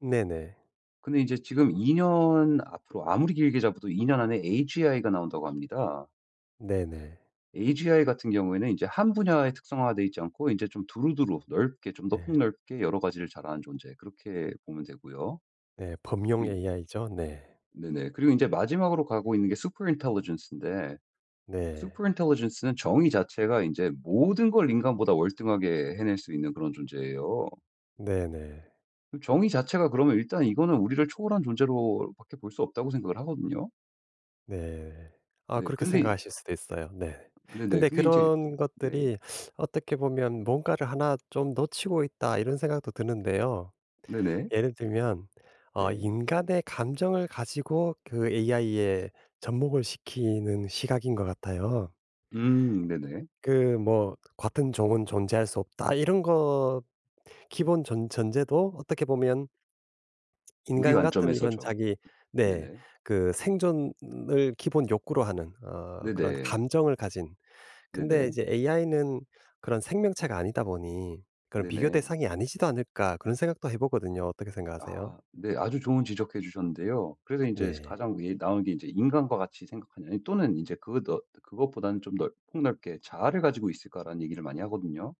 네네. 근데 인제 지금 2 년 앞으로 아무리 길게 잡아도 2 년 안에 agi가 나온다고 합니다. 네네. agi 같은 경우에는 이제 1 분야에 특성화 되어있지 않고 인제 좀 두루두루 넓게 좀 더 예. 폭넓게 여러 가지를 잘하는 존재 그렇게 보면 되고요. 예. 범용 그 ai죠. 네. 네네 그리고 인제 마지막으로 가고 있는게 superintelligence인데 네. superintelligence는 정의 자체가 인제 모든 걸 인간보다 월등하게 해낼 수 있는 그런 존재에요. 네네. 그 정의 자체가 그러면 일단 이거는 우리를 초월한 존재로밖에 볼 수 없다고 생각을 하거든요. 네. 아 네 그렇게 근데 생각하실 수도 있어요. 네. 네네 근데 근데 인제 그런 그 네. 것들이 어떻게 보면 '뭔가를 1 좀 놓치고 있다.' 이런 생각도 드는데요. 네네. 예를 들면 어 네. 인간의 감정을 가지고 그 ai에 접목을 시키는 시각인 것 같아요. 음 네네. 그 뭐 "같은 종은 존재할 수 없다." 이런 거 기본 전 전제도 어떻게 보면 우리 인간 같은 이런 관점에서죠. 자기 네 네네. 그 생존을 기본 욕구로 하는 어 그런 네네. 감정을 가진 근데 네네. 이제 ai는 그런 생명체가 아니다 보니 그런 비교 네네. 대상이 아니지도 않을까 그런 생각도 해 보거든요. 어떻게 생각하세요? 아 네 아주 좋은 지적해 주셨는데요. 그래서 인제 [unintelligible] 네. 가장 [unintelligible] 나오는 게 인제 인간과 같이 생각하는 또는 인제 그 너 그것보다는 좀 넓 폭넓게 "자아를 가지고 있을까."라는 얘기를 많이 하거든요.